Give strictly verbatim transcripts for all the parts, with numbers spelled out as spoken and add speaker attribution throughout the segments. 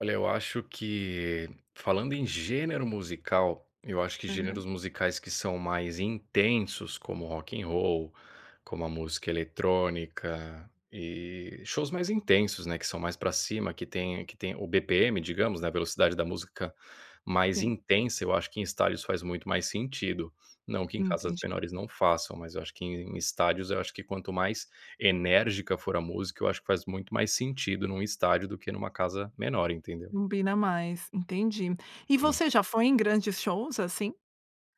Speaker 1: Olha, eu acho que, falando em gênero musical, eu acho que
Speaker 2: Aham.
Speaker 1: gêneros musicais que são mais intensos, como rock and roll, como a música eletrônica, e shows mais intensos, né, que são mais pra cima, que tem que tem o B-P-M, digamos, né, a velocidade da música mais
Speaker 2: Sim.
Speaker 1: intensa eu acho que, em estádios, faz muito mais sentido, não que em
Speaker 2: Hum,
Speaker 1: casas
Speaker 2: entendi.
Speaker 1: menores não façam, mas eu acho que, em em estádios, eu acho que quanto mais enérgica for a música, eu acho que faz muito mais sentido num estádio, do que numa casa menor, entendeu.
Speaker 2: Combina mais, entendi. E
Speaker 1: Hum.
Speaker 2: você já foi em grandes shows, assim?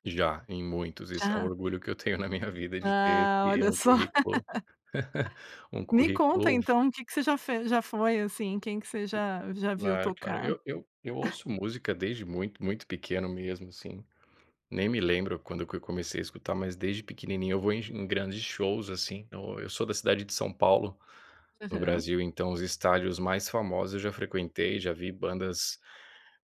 Speaker 1: Já, em muitos. Esse é um
Speaker 2: Já?
Speaker 1: orgulho que eu tenho na minha vida de ter
Speaker 2: Ah,
Speaker 1: ter
Speaker 2: olha
Speaker 1: um
Speaker 2: só..
Speaker 1: currículo um
Speaker 2: Ah, me conta,
Speaker 1: currículo vu
Speaker 2: então, o que que você já fez já foi assim, quem que você já já viu
Speaker 1: Claro, claro,
Speaker 2: tocar.
Speaker 1: eu eu eu ouço música desde muito muito pequeno, mesmo, assim, nem me lembro quando que eu comecei a escutar, mas desde pequenininho eu vou sh em grandes shows, assim, então, eu sou da cidade de São Paulo, no
Speaker 2: Aham.
Speaker 1: Brasil, então os estádios mais famosos, eu já frequentei, já vi bandas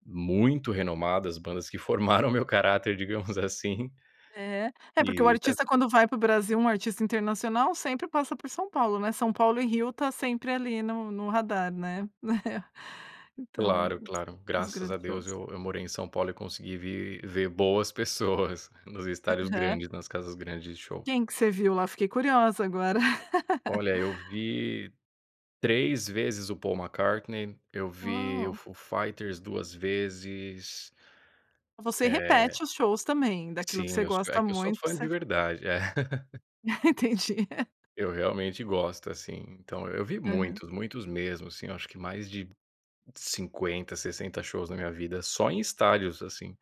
Speaker 1: muito renomadas, bandas que formaram o meu caráter, digamos, assim
Speaker 2: É. É, é porque o
Speaker 1: Eh, é
Speaker 2: artista quando vai para o Brasil, um artista internacional, sempre passa por São Paulo, né. São Paulo e Rio está sempre ali no no radar, né. Então,
Speaker 1: Claro, claro.
Speaker 2: os
Speaker 1: Graças a Deus
Speaker 2: grandiosos
Speaker 1: eu eu morei em São Paulo e consegui vir ver boas pessoas, nos estádios
Speaker 2: Aham.
Speaker 1: grandes, nas casas grandes de show.
Speaker 2: Quem que você viu lá? Fiquei curiosa agora.
Speaker 1: Olha, eu vi três vezes o Paul McCartney, eu vi o
Speaker 2: Uau!
Speaker 1: Foo Fighters duas vezes.
Speaker 2: Você
Speaker 1: Eh
Speaker 2: repete os shows também, daquilo que
Speaker 1: Sim,
Speaker 2: você
Speaker 1: eu so é
Speaker 2: gosta
Speaker 1: que eu sou
Speaker 2: muito,
Speaker 1: fã
Speaker 2: você
Speaker 1: de
Speaker 2: f
Speaker 1: verdade é.
Speaker 2: Entendi.
Speaker 1: Eu realmente gosto, assim, então eu vi
Speaker 2: Aham.
Speaker 1: muitos, muitos mesmo, assim, eu acho que mais de cinquenta, sessenta shows na minha vida, só em estádios, assim.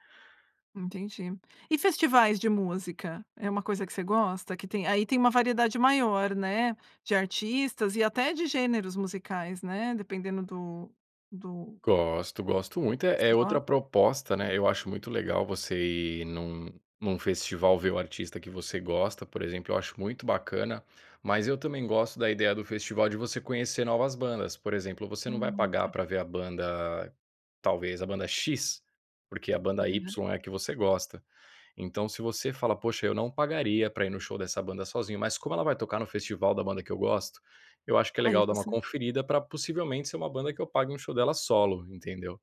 Speaker 2: Entendi. E festivais de música, é uma coisa que você gosta? Que tem aí tem uma variedade maior, né, de artistas e até de gêneros musicais, né, dependendo do do
Speaker 1: Gosto, gosto muito. É
Speaker 2: Você
Speaker 1: é outra
Speaker 2: go
Speaker 1: proposta, né, eu acho muito legal você ir num num festival ver o artista que você gosta, por exemplo, eu acho muito bacana, mas eu também gosto da ideia do festival de você conhecer novas bandas, por exemplo, você não vai
Speaker 2: Hum,
Speaker 1: pagar
Speaker 2: tá.
Speaker 1: pra ver a banda, talvez a banda X, porque a banda
Speaker 2: Aham.
Speaker 1: Y é a que você gosta. Então se você fala: "Poxa, eu não pagaria pra ir no show dessa banda sozinho, mas como ela vai tocar no festival da banda que eu gosto, eu acho que é
Speaker 2: Aí
Speaker 1: legal dar uma
Speaker 2: você
Speaker 1: conferida pra possivelmente ser uma banda que eu pague um show dela solo.", entendeu?